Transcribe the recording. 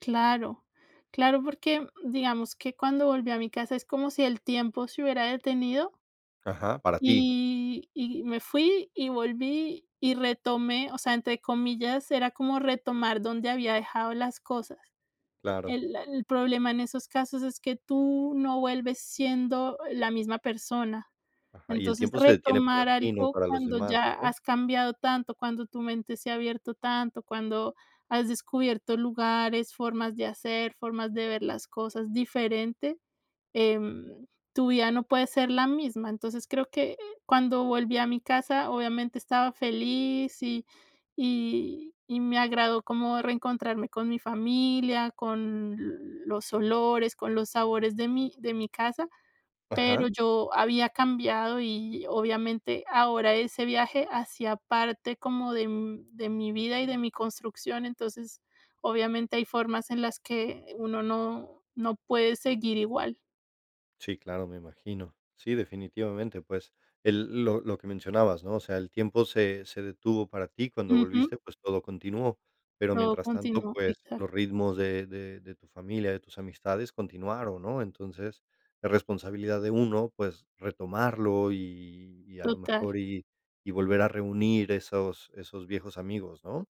Claro. Claro, porque digamos que cuando volví a mi casa, es como si el tiempo se hubiera detenido Ajá, para ti. y y me fui, y volví, y retomé, o sea, entre comillas, era como retomar donde había dejado las cosas. Claro. El el problema en esos casos es que tú no vuelves siendo la misma persona. Ajá, y el Entonces, tiempo se detiene para retomar ti, no algo para los cuando demás, ya ¿no? has cambiado tanto, cuando tu mente se ha abierto tanto, cuando has descubierto lugares, formas de hacer, formas de ver las cosas diferente, em, tu vida no puede ser la misma. Entonces, creo que, eh, cuando volví a mi casa, obviamente, estaba feliz, y y y me agradó como reencontrarme con mi familia, con los olores, con los sabores de mi de mi casa, Ajá. pero yo había cambiado. Y, obviamente, ahora ese viaje hacía parte como de, mm, de mi vida y de mi construcción. Entonces, obviamente hay formas en las que uno no no puede seguir igual. Sí, claro, me imagino. Sí, definitivamente, pues, el lo lo que mencionabas, ¿no? O sea, el tiempo se se detuvo para ti. Cuando Ujú. volviste, pues, todo continuó, pero Todo mientras tanto, continuó, pues, los exacto. ritmos de de de tu familia, de tus amistades continuaron, ¿no? Entonces, es responsabilidad de uno, pues, retomarlo, y y, a lo Total. mejor, y y volver a reunir esos esos viejos amigos, ¿no?